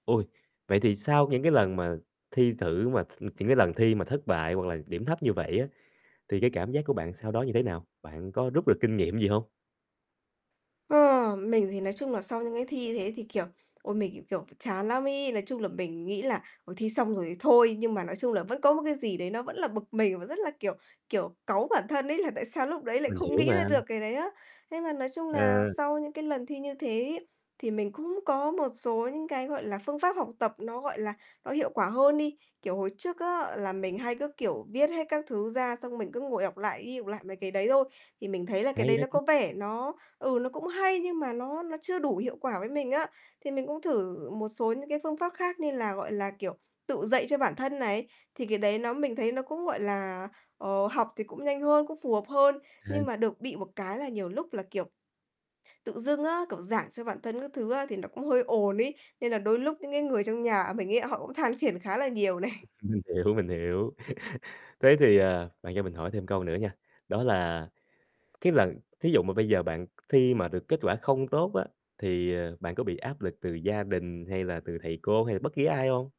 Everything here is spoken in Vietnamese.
Ôi, vậy thì sau những cái lần mà thi thử mà th những cái lần thi mà thất bại hoặc là điểm thấp như vậy á, thì cái cảm giác của bạn sau đó như thế nào? Bạn có rút được kinh nghiệm gì hông? Ờ, mình thì nói chung nà sau những cái thi thế thì, kiểu, ôi, mình, kiểu, kiểu, phải chán lắm ấy. Nói chung là mình nghĩ là "Ôi, thi xong rồi thì thôi", nhưng mà nói chung là vẫn có một cái gì đấy nó vẫn là bực mình và rất là, kiểu, kiểu, cáu bản thân ấy, là tại sao lúc đấy lại Mình không hiểu nghĩ ra mà. được cái đấy á. Thế mà nói chung nà Ờ. sau những cái lần thi như thế ấy thì mình cũng có một số những cái, gọi là, phương pháp học tập nó, gọi là, nó hiệu quả hơn đi. Kiểu, hồi trước á là mình hay cứ, kiểu, viết hết các thứ ra xong mình cứ ngồi đọc lại đi đọc lại mấy cái đấy thôi, thì mình thấy là cái Hay đấy đó nó chứ. có vẻ nó, ừ, nó cũng hay nhưng mà nó nó chưa đủ hiệu quả với mình á. Thì mình cũng thử một số những cái phương pháp khác như là, gọi là, kiểu, tự dạy cho bản thân này, thì cái đấy nó mình thấy nó cũng, gọi là, ờ, học thì cũng nhanh hơn, cũng phù hợp hơn. Ờ. Nhưng mà được bị một cái là nhiều lúc là, kiểu, tự dưng á, kiểu, giảng cho bản thân các thứ á thì nó cũng hơi ồn ấy, nên là đôi lúc những cái người trong nhà mình ấy họ cũng than phiền khá là nhiều này. Mình hiểu, mình hiểu. Thế thì, ờ, bạn cho mình hỏi thêm câu nữa nha, đó là cái lần thí dụ mà bây giờ bạn khi mà được kết quả không tốt á, thì, ờ, bạn có bị áp lực từ gia đình hay là từ thầy cô hay là bất ký ai hông?